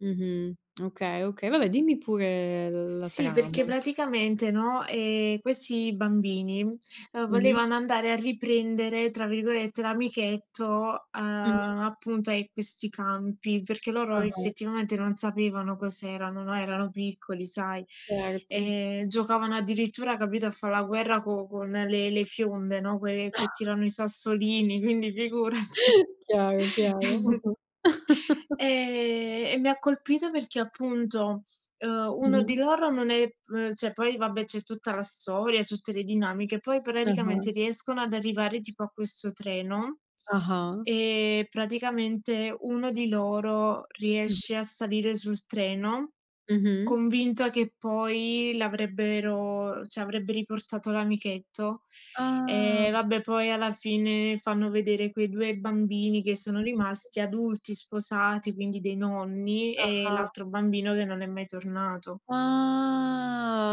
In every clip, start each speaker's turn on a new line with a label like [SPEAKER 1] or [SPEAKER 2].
[SPEAKER 1] Mh-mh, okay, oka vabbè, dimmi pure l la
[SPEAKER 2] Sì, perché
[SPEAKER 1] trama.
[SPEAKER 2] praticamente, no, ehm, questi bambini, uhm,
[SPEAKER 1] Mh-mh.
[SPEAKER 2] volevano andare a "riprendere," tra virgolette, l'amichetto
[SPEAKER 1] Mh-mh.
[SPEAKER 2] a appunto, a questi campi, perché loro
[SPEAKER 1] Ah-ah.
[SPEAKER 2] effettivamente non sapevano cos'erano, no. Erano piccoli sai.
[SPEAKER 1] Certo.
[SPEAKER 2] E giocavano addirittura capito a fa' la guerra co con le le fionde, no, que che tirano i sassolini, quindi figurati.
[SPEAKER 1] Chiaro, chiaro.
[SPEAKER 2] Ehm, e mi ha colpito perché appunto, uhm, uno di
[SPEAKER 1] Mh-mh.
[SPEAKER 2] loro non è [unintelligible] cioè, poi vabbè, c'è tutta la storia, tutte le dinamiche. Poi
[SPEAKER 1] Ah-ah.
[SPEAKER 2] praticamente riescono ad arrivare tipo a questo treno
[SPEAKER 1] Ah-ah.
[SPEAKER 2] e praticamente uno di loro
[SPEAKER 1] Mh-mh.
[SPEAKER 2] riesce a salire sul treno,
[SPEAKER 1] Mh-mh.
[SPEAKER 2] convinto che poi l'avrebbero cioè, avrebbe riportato l'amichetto.
[SPEAKER 1] Ah.
[SPEAKER 2] Ehm, vabbè poi alla fine fanno vedere quei 2 bambini che sono
[SPEAKER 1] Mh-mh.
[SPEAKER 2] rimasti adulti, sposati, quindi dei nonni e
[SPEAKER 1] Ah-ah.
[SPEAKER 2] l'altro bambino che non è mai tornato.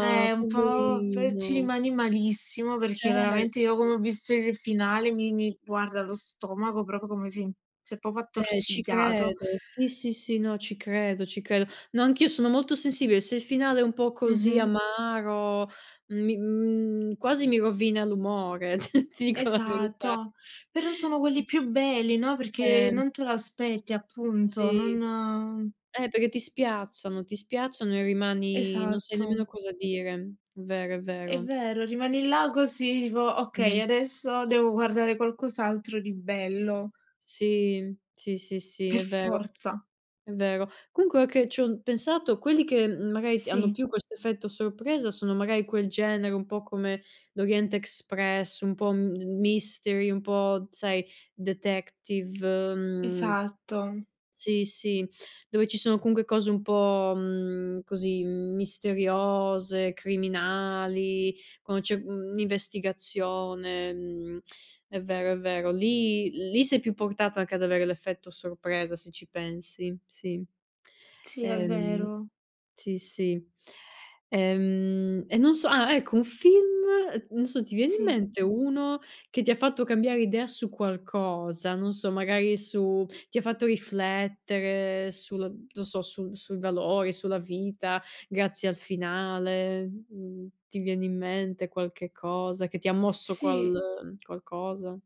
[SPEAKER 2] Eh, un po' pe ci
[SPEAKER 1] poverino.
[SPEAKER 2] rimani malissimo, perché
[SPEAKER 1] Cer
[SPEAKER 2] veramente io come ho visto il finale mi mi guarda lo stomaco proprio come si si è proprio
[SPEAKER 1] Eh, ci
[SPEAKER 2] attorcigliato
[SPEAKER 1] credo. Sì, sì, sì, no, ci credo, ci credo. No, anch'io sono molto sensibile. Se il finale è un po' così,
[SPEAKER 2] Mh-mh.
[SPEAKER 1] amaro, mi mhmm, quasi mi rovina l'umore, t ti dico la verità.
[SPEAKER 2] Esatto, però sono
[SPEAKER 1] Mh
[SPEAKER 2] quelli più belli, no, perché
[SPEAKER 1] Ehm
[SPEAKER 2] non te lo aspetti appunto,
[SPEAKER 1] Sì,
[SPEAKER 2] non
[SPEAKER 1] eh perché ti spiazzano. Ti spiazzano e rimani non sai
[SPEAKER 2] Esatto.
[SPEAKER 1] nemmeno cosa dire. Vero, è
[SPEAKER 2] È
[SPEAKER 1] vero.
[SPEAKER 2] vero, rimani là così. Tipo: "Okay,
[SPEAKER 1] Mh-mh.
[SPEAKER 2] adesso devo guardare qualcos'altro di bello".
[SPEAKER 1] Sì, sì, sì, sì,
[SPEAKER 2] Per
[SPEAKER 1] è vero.
[SPEAKER 2] forza.
[SPEAKER 1] È vero. Comunque ora che ci ho n pensato, quelli che, uhm, magari hanno
[SPEAKER 2] Sì.
[SPEAKER 1] più questo effetto sorpresa sono magari quel genere, un po' come l'Orient Express, un po' m mystery, un po' sai detective. Mhmm
[SPEAKER 2] Esatto.
[SPEAKER 1] sì, sì, dove ci sono comunque cose un po' mhmm, così, misteriose, criminali, quando c'è mhmm, investigazione. Mhmm, è vero, è vero. Lì lì sei più portato anche ad avere l'effetto sorpresa se ci pensi, sì.
[SPEAKER 2] Sì, è
[SPEAKER 1] Ehm
[SPEAKER 2] vero.
[SPEAKER 1] sì, sì. Ehm, e non so ah ecco un film, non so, ti viene in
[SPEAKER 2] Sì.
[SPEAKER 1] mente uno che ti ha fatto cambiare idea su qualcosa, non so magari su ti ha fatto riflettere sul non so, su sui valori, sulla vita, grazie al finale? Mhmm, ti viene in mente qualche cosa che ti ha mosso
[SPEAKER 2] Sì.
[SPEAKER 1] qual qualcosa?